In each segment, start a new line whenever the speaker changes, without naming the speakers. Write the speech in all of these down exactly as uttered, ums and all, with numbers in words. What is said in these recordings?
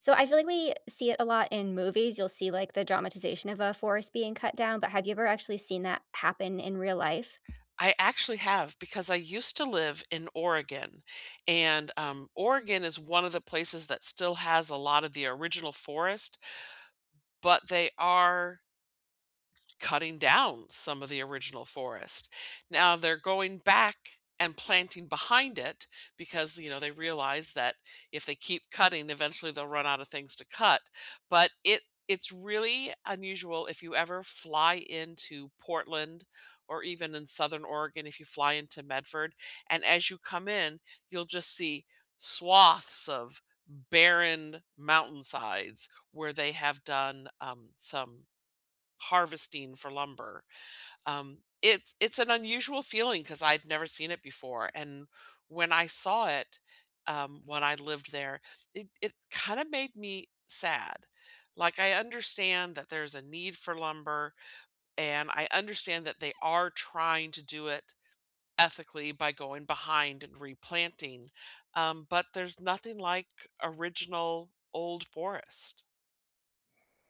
So I feel like we see it a lot in movies. You'll see, like, the dramatization of a forest being cut down, but have you ever actually seen that happen in real life?
I actually have because I used to live in Oregon. And, um, Oregon is one of the places that still has a lot of the original forest but they are cutting down some of the original forest. Now they're going back and planting behind it because, you know, they realize that if they keep cutting, eventually, they'll run out of things to cut. But it it's really unusual if you ever fly into Portland, or even in Southern Oregon, if you fly into Medford. And as you come in, you'll just see swaths of barren mountainsides where they have done, um, some harvesting for lumber. Um, it's it's an unusual feeling 'cause I'd never seen it before. And when I saw it, um, when I lived there, it it kinda made me sad. Like, I understand that there's a need for lumber, and I understand that they are trying to do it ethically by going behind and replanting, um, but there's nothing like original old forest.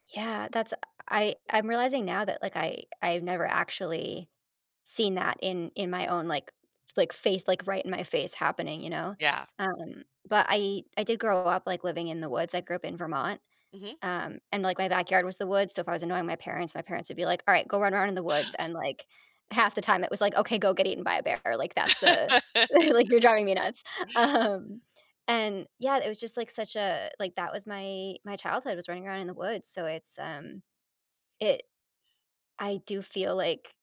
Yeah, that's I I'm realizing now that, like, I I've never actually seen that in in my own, like, like, face like, right in my face happening, you know?
Yeah.
Um, but I I did grow up, like, living in the woods. I grew up in Vermont.
Mhm.
Um, and like my backyard was the woods, so if I was annoying my parents, parents would be like, "Alright, go run around in the woods." And, like, half the time it was like, "Okay, go get eaten by a bear." Like that's the like, "You're driving me nuts." Um, and, yeah, it was just like such a like, that was my my childhood, was running around in the woods. So it's, um, it I do feel like,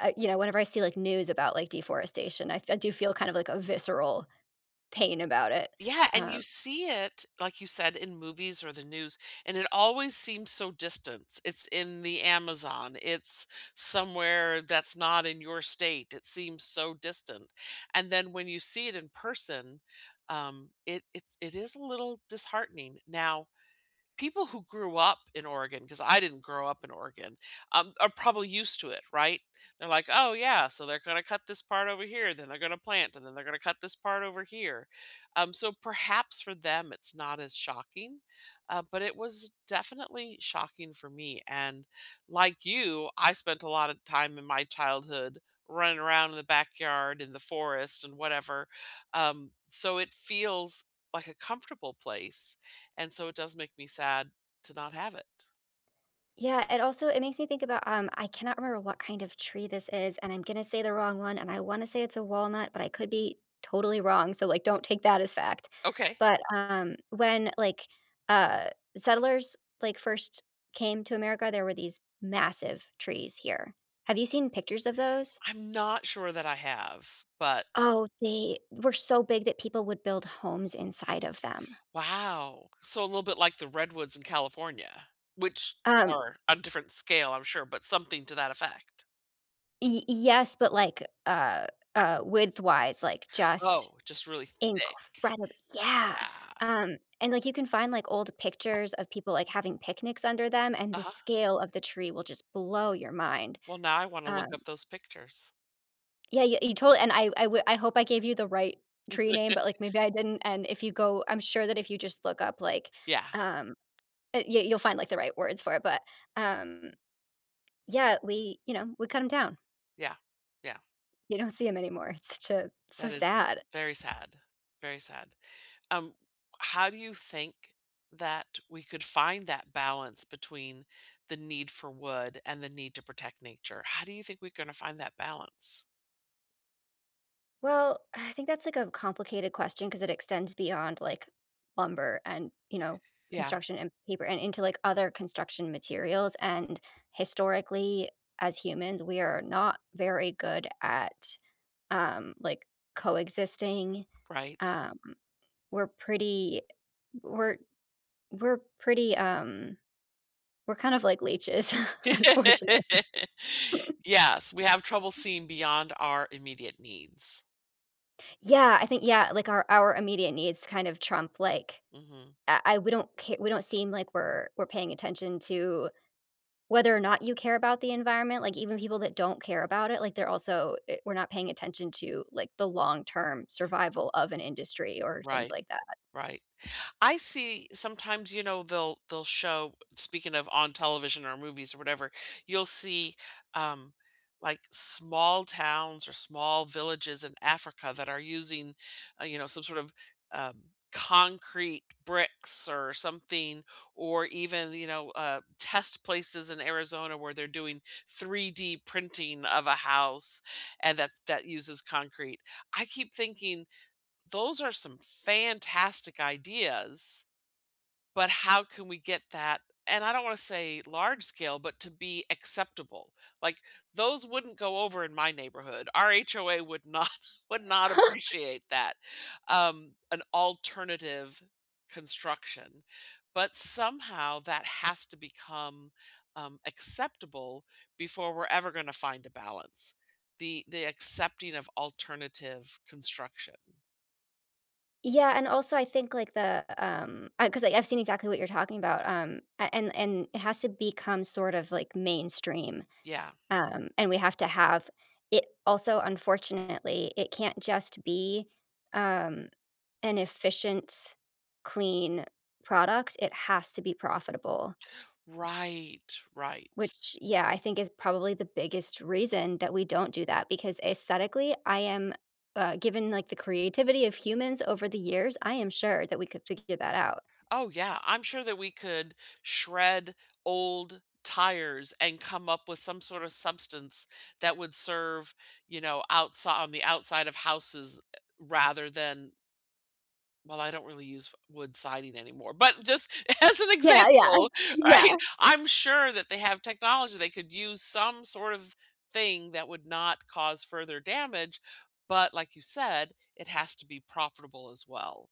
uh, you know, whenever I see, like, news about, like, deforestation, I f I do feel kind of like a visceral pain about it.
Yeah, and
Um
you see it like you said, in movies or the news, and it always seems so distant. It's in the Amazon, it's somewhere that's not in your state. It seems so distant. And then when you see it in person, um, it it's it is a little disheartening. Now, people who grew up in Oregon 'cause I didn't grow up in Oregon, um, are probably used to it, right? They're like, "Oh, yeah. So they're gonna cut this part over here, then they're gonna plant, and then they're gonna cut this part over here." Um, so perhaps for them, it's not as shocking, uh, but it was definitely shocking for me. And like you, I spent a lot of time in my childhood running around in the backyard, in the forest, and whatever. Um, so it feels like a comfortable place, and so it does make me sad to not have it.
Yeah. And also, it makes me think about, um- I cannot remember what kind of tree this is, and I'm gonna say the wrong one, and I wanna say it's a walnut, but I could be totally wrong, so, like, don't take that as fact-
Okay.
but, um, when, like, uh, settlers, like, first came to America, there were these massive trees here. Have you seen pictures of those?
I'm not sure that I have, but
Oh, they were so big that people would build homes inside of them.
Wow. So, a little bit like the redwoods in California, which
Um
are a different scale, I'm sure, but something to that effect.
Y y yes, but, like, uh uh, width-wise, like, just
Oh, just really thick.
incredib Yeah,
Yeah.
um, and, like, you can find, like, old pictures of people, like, having picnics under them, and the
Uh-huh.
scale of the tree will just blow your mind.
Well, now I wanna look
Um
up those pictures.
Yeah ye you told and I I w I hope I gave you the right tree name, but, like, maybe I didn't, and if you go I'm sure that if you just look up, like,
Yeah.
um, eh yeah, you'll find, like, the right words for it, but, um, yeah, we you know, we cut 'em down.
Yeah. Yeah.
You don't see 'em anymore. It's ju so
That is
sad.
very sad, very sad. Um, how do you think that we could find that balance between the need for wood and the need to protect nature? How do you think we're gonna find that balance?
Well, I think that's, like, a complicated question 'cause it extends beyond, like, lumber and, you know,
Yeah.
construction and paper and into, like, other construction materials and, historically, as humans, we are not very good at, um, like, coexisting.
Right.
Um, we're pretty we're we're pretty, um we're kind of like leeches, unfortunately.
Yes, we have trouble seeing beyond our immediate needs.
Yeah, I think, yeah, like, our our immediate needs kind of trump, like
Mhm.
I I we don't ca we don't seem like we're we're paying attention to whether or not you care about the environment. Like, even people that don't care about it, like, they're also eh, we're not paying attention to, like, the long-term survival of an industry or things
Right.
like that.
Right. I see sometimes, you know, they'll they'll show speaking of on television or movies or whatever, you'll see, um, like, small towns or small villages in Africa that are using, uh, you know, some sort of, um, concrete bricks or something, or even, you know, uh, test places in Arizona where they're doing three D printing of a house and that that uses concrete. I keep thinking, those are some fantastic ideas, but how can we get that, and I don't wanna say large scale, but to be acceptable. Like, those wouldn't go over in my neighborhood. Our HOA would not would not appreciate that, um, an alternative construction, but, somehow, that has to become, um, acceptable before we're ever gonna find a balance; the the accepting of alternative construction.
Yeah, and also, I think, like, the, um, I 'cause I've seen exactly what you're talking about, um, and and and it has to become sort of, like, mainstream,
Yeah.
um, and we have to have it also, unfortunately, it can't just be, um, an efficient, clean product, it has to be profitable.
Right. Right.
Which, yeah, I think is probably the biggest reason that we don't do that because aesthetically, I am, uh given, like, the creativity of humans over the years, I am sure that we could figure that out.
Oh, yeah, I'm sure that we could shred old tires and come up with some sort of substance that would serve, you know, outsi on the outside of houses e rather than well, I don't really use f wood siding anymore, but just as an
Yeah, yeah.
example,
Yeah.
right, I'm sure that they have technology they could use some sort of thing that would not cause further damage, but, like you said, "It has to be profitable as well."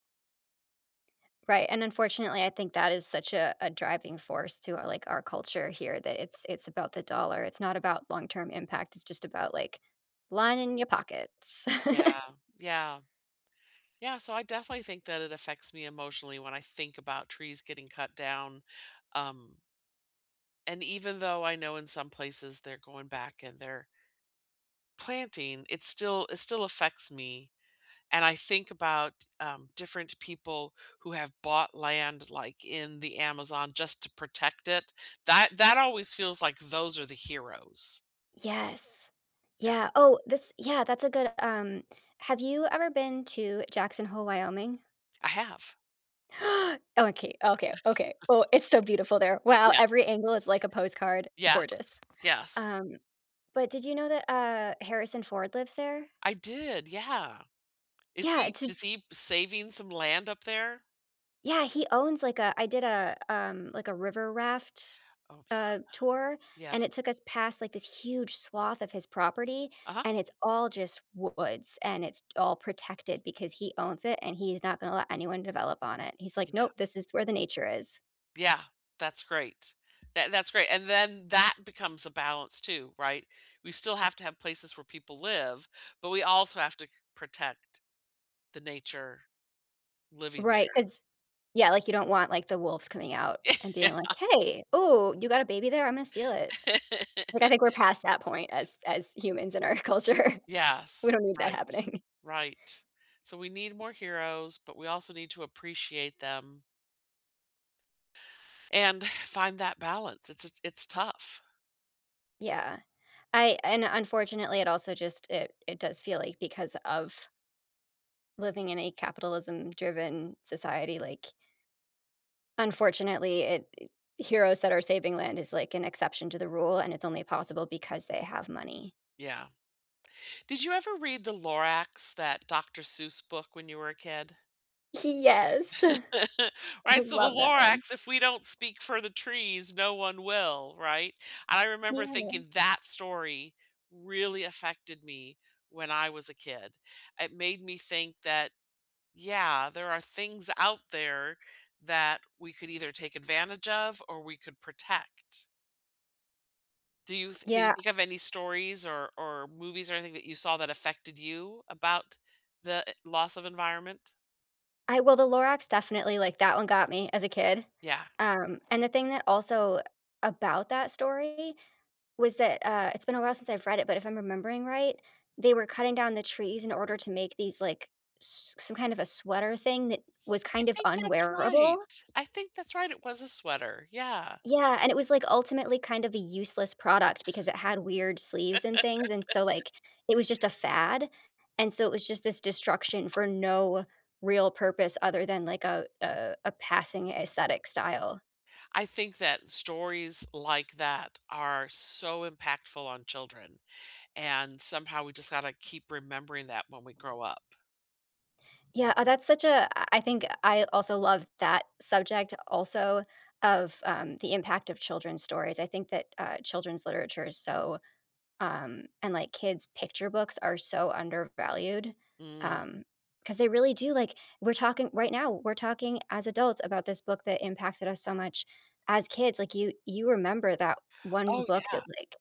Right, and, unfortunately, I think that is such a a driving force to our, like, our culture here, that it's it's about the dollar. It's not about long term impact it's just about, like, lining your pockets.
Yeah, yeah. Yeah, so I definitely think that it affects me emotionally when I think about trees getting cut down, um and even though I know in some places they're going back and they're planting, it still it still affects me. And I think about, um, different people who have bought land, like, in the Amazon just to protect it, that that always feels like those are the heroes.
Yes.
Yeah.
Yeah oh, this yeah, that's a good, um have you ever been to Jackson Hole, Wyoming?
I have.
Okay, okay, okay, well it's so beautiful there. Wow,
Yes.
every angle is like a postcard, gorgeous.
Yes. Yes.
Um, but did you know that, uh, Harrison Ford lives there?
I did, yeah. Is
Yeah,
he
j
does he saving some land up there?
Yeah, he owns like a I did a um, like, a river-raft,
Oh, fun.
uh, tour and it
Yes.
took us past like this huge swath of his property
Uh-huh.
and it's all just woods and it's all protected because he owns it and he's not gonna let anyone develop on it. He's like,
Yeah.
"Nope. This is where the nature is."
Yeah. That's great. That that's great, and then that becomes a balance too, right? We still have to have places where people live, but we also have to protect the nature living
Right,
there.
'cause yeah, like, you don't want, like, the wolves coming out and
Yeah.
being like, "Hey. Ooh, you got a baby there? I'm gonna steal it." Like, I think we're past that point as as humans in our culture. We
Yes.
don't need that
Right.
happening.
Right. So we need more heroes, but we also need to appreciate them and find that balance. It's it's it's tough.
Yeah. I and unfortunately, it also just it it does feel like because of living in a capitalism-driven society, like unfortunately, it, eh heroes that are saving land is, like, an exception to the rule, and it's only possible because they have money.
Yeah. Did you ever read the Lorax, that Doctor Seuss book when you were a kid?
He yes. I
Right? So the
love that one.
Lorax, if we don't speak for the trees, no one will, right? I remember
Yeah.
thinking that story really affected me when I was a kid. It made me think that, yeah, there are things out there that we could either take advantage of or we could protect. Do you th can you
Yeah
think of any stories or or movies or anything that you saw that affected you about the eh loss of environment?
I well, The Lorax definitely, like, that one got me as a kid,
Yeah.
um, and the thing that also, about that story was that, uh, it's been a while since I've read it, but if I'm remembering right, they were cutting down the trees in order to make these, like, s some kind of a sweater thing that was
I
kind of
think that's
unwearable.
right, I think that's right, it was a sweater, yeah.
Yeah, and it was like ultimately kind of a useless product because it had weird sleeves and things, and so like, it was just a fad and so, it was just this destruction for no real purpose other than like a a a passing aesthetic style.
I think that stories like that are so impactful on children, and somehow we just gotta keep remembering that when we grow up.
Yeah, uh, that's such a I I think I also love that subject also of, um, the impact of children's stories. I think that, uh, children's literature is so, um and like kids picture books are so undervalued,
Mm.
um, 'cause they really do, like we're talking right now, we're talking as adults about this book that impacted us so much as kids. Like, you you remember that one
Oh,
book
yeah.
that, like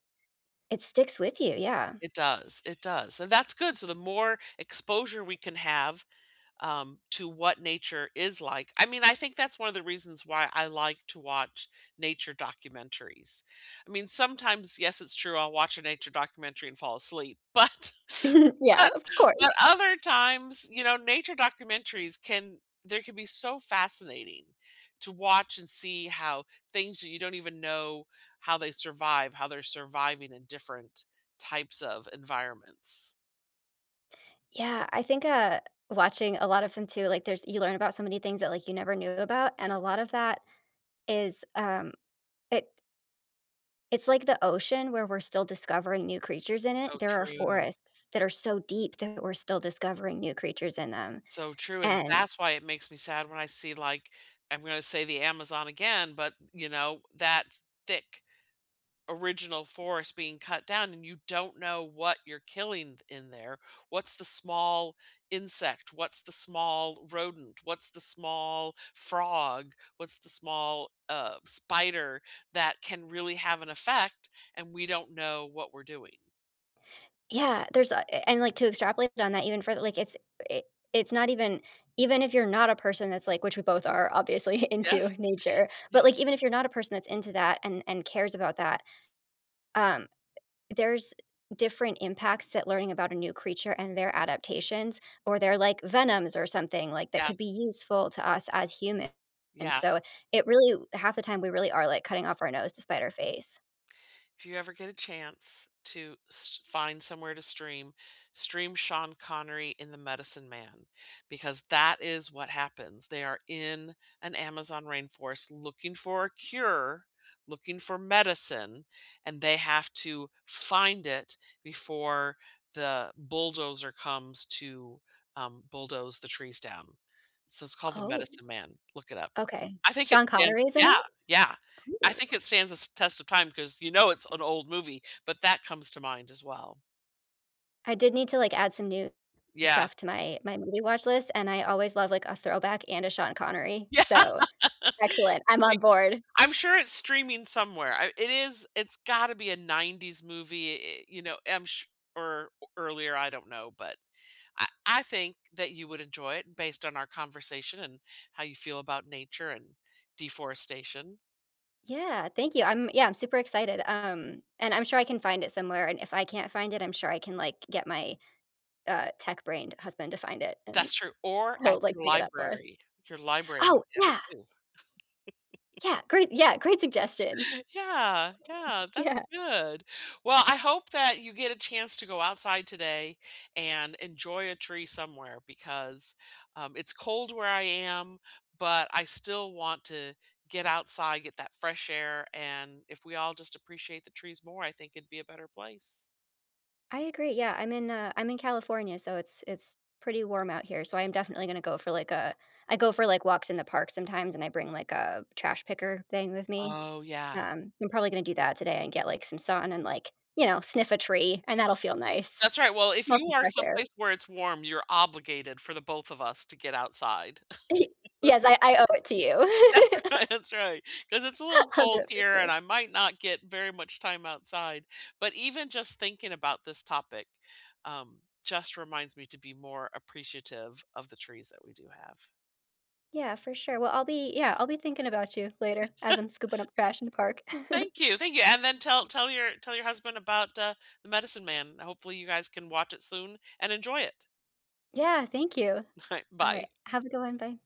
it sticks with you, yeah.
It does, it does, and that's good so the more exposure we can have, um, to what nature is like I mean, I think that's one of the reasons why I like to watch nature documentaries. I mean, sometimes, yes, it's true I'll watch a nature documentary and fall asleep, but
Yeah,
but
of
but
course.
other times, you know, nature documentaries can they can be so fascinating to watch and see how things that you don't even know how they survive, how they're surviving in different types of environments.
Yeah, I think, uh, watching a lot of them too, like, there's you learn about so many things that, like, you never knew about, and a lot of that is, um, it it's like the ocean where we're still discovering new creatures in it.
So
There are
true.
forests that are so deep that we're still discovering new creatures in them,
So true and
and
that's why it makes me sad when I see, like, I'm gonna say the Amazon again, but, you know, that thick, original forest being cut down, and you don't know what you're killing th in there. What's the small insect, what's the small rodent, what's the small frog, what's the small, uh, spider that can really have an effect, and we don't know what we're doing.
Yeah, there's, uh eh, and, like, to extrapolate on that even further, like, it's eh, it's not even even if you're not a person that's, like which we both are, obviously, into
Yes.
nature but, like, even if you're not a person that's into that and and cares about that, um, there's different impacts that learning about a new creature and their adaptations or their, like, venoms or something, like, that could
Yes.
be useful to us as human, and so
Yes.
it really half the time, we really are, like, cutting off our nose to spite our face.
If you ever get a chance to st find somewhere to stream, stream Sean Connery in The Medicine Man, because that is what happens. They are in an Amazon rainforest looking for a cure, looking for medicine, and they have to find it before the bulldozer comes to, um, bulldoze the trees down. So it's called The
Oh.
Medicine Man- look it up.
Okay,
I think it's
Sean
stands
Connery’s in it?
Yeah, yeah. I
Cool.
think it stands the s test of time 'cause you know it's an old movie, but that comes to mind as well.
I did need to, like, add some new,
Yeah.
stuff to my my movie watch list, and I always love, like, a throwback and a Sean Connery,
Yeah.
so, excellent, I'm on
Like,
board.
I'm sure it's streaming somewhere. I it is it's gotta be a nineties movie. Eh, you know, I'm sure o earlier; I don't know, but I I think that you would enjoy it based on our conversation and how you feel about nature and deforestation.
Yeah, thank you, I'm yeah, I'm super excited, um, and I'm sure I can find it somewhere. And if I can't find it, I'm sure I can, like, get my, uh, tech brained husband to find it, and
That's true. Or at
he'll, like,
your
pick it up for us.
library; your library
Oh,
might have it
yeah!
too.
Yeah, great yeah, great suggestion.
Yeah, yeah, that's
Yeah.
good. Well, I hope that you get a chance to go outside today and enjoy a tree somewhere because, um, it's cold where I am, but I still want to get outside, get that fresh air. And if we all just appreciate the trees more, I think it'd be a better place.
I agree, yeah, I'm in, uh I'm in California, so it's it's pretty warm out here. So I am definitely gonna go for, like a I go for, like, walks in the park sometimes and I bring like a trash picker thing with me.
Oh, yeah.
Um, I'm probably gonna do that today and get like some sun and like, you know, sniff a tree and that'll feel nice.
That's right, well, if
Smell
you
some
are
fresh air.
someplace where it's warm, you're obligated for the both of us to get outside.
Yes, I I owe it to you.
That's right, that's right. ‘Cause it's a little
I'll do
cold
it for
here and
sure.
I might not get very much time outside. But even just thinking about this topic, um, just reminds me to be more appreciative of the trees that we do have.
Yeah, for sure, well, I'll be, yeah, I'll be thinking about you, later, as I'm scooping up trash in the park.
Thank you, thank you. And then tell tell your tell your husband about, uh, The Medicine Man. Hopefully, you guys can watch it soon and enjoy it.
Yeah, thank you.
Alright,
Alright,
bye.
have a good one, bye.